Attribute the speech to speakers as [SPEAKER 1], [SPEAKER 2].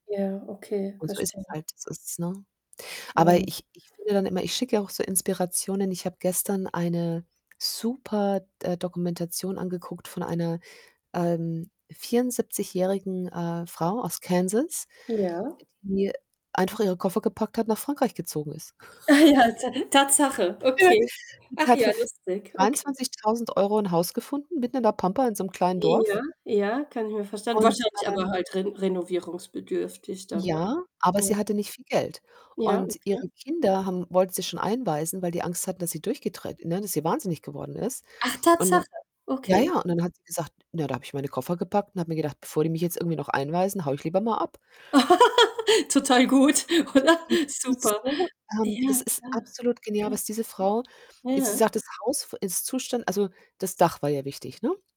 [SPEAKER 1] Ja, okay,
[SPEAKER 2] Und so ist es
[SPEAKER 1] verstehe.
[SPEAKER 2] halt, so ist es, ne? Aber
[SPEAKER 1] Mhm.
[SPEAKER 2] ich ich finde dann immer, ich schicke ja auch so Inspirationen. Ich habe gestern eine super D äh, Dokumentation angeguckt von einer, ähm, vierundsiebzigjährigen, äh, Frau aus Kansas,
[SPEAKER 1] Ja.
[SPEAKER 2] die einfach ihre Koffer gepackt hat, nach Frankreich gezogen ist.
[SPEAKER 1] Ah ja, Ta Tatsache, okay.
[SPEAKER 2] Die
[SPEAKER 1] Ach
[SPEAKER 2] hat für
[SPEAKER 1] ja,
[SPEAKER 2] für
[SPEAKER 1] lustig, okay.
[SPEAKER 2] 23.000 € 'n Haus gefunden, mitten in der Pampa in so 'nem kleinen Dorf...
[SPEAKER 1] Ja, ja, kann ich mir vorstellen.
[SPEAKER 2] und,
[SPEAKER 1] Wahrscheinlich aber
[SPEAKER 2] ähm
[SPEAKER 1] halt ren renovierungsbedürftig dann, ne?
[SPEAKER 2] Ja, aber
[SPEAKER 1] Ja.
[SPEAKER 2] sie hatte nicht viel Geld
[SPEAKER 1] Ja,
[SPEAKER 2] und ihre
[SPEAKER 1] okay.
[SPEAKER 2] Kinder haben wollten sie schon einweisen, weil die Angst hatten, dass sie durchgedreht ne, dass sie Wahnsinnig geworden ist
[SPEAKER 1] Ach,
[SPEAKER 2] und
[SPEAKER 1] Tatsache,
[SPEAKER 2] ja,
[SPEAKER 1] okay.
[SPEAKER 2] ja, und dann hat sie gesagt „Na, da habe ich meine Koffer gepackt und habe mir gedacht, bevor die mich jetzt irgendwie noch einweisen, haue ich lieber mal ab.“
[SPEAKER 1] Total gut,
[SPEAKER 2] [unintelligible]
[SPEAKER 1] oder?
[SPEAKER 2] Die die ist
[SPEAKER 1] Super.
[SPEAKER 2] so ähm,
[SPEAKER 1] Ja,
[SPEAKER 2] das ist
[SPEAKER 1] klar.
[SPEAKER 2] absolut genial,
[SPEAKER 1] Ja.
[SPEAKER 2] was diese Frau e sie
[SPEAKER 1] Ja.
[SPEAKER 2] sagt, das Haus f ist Zustand also, das Dach war ihr wichtig, ne?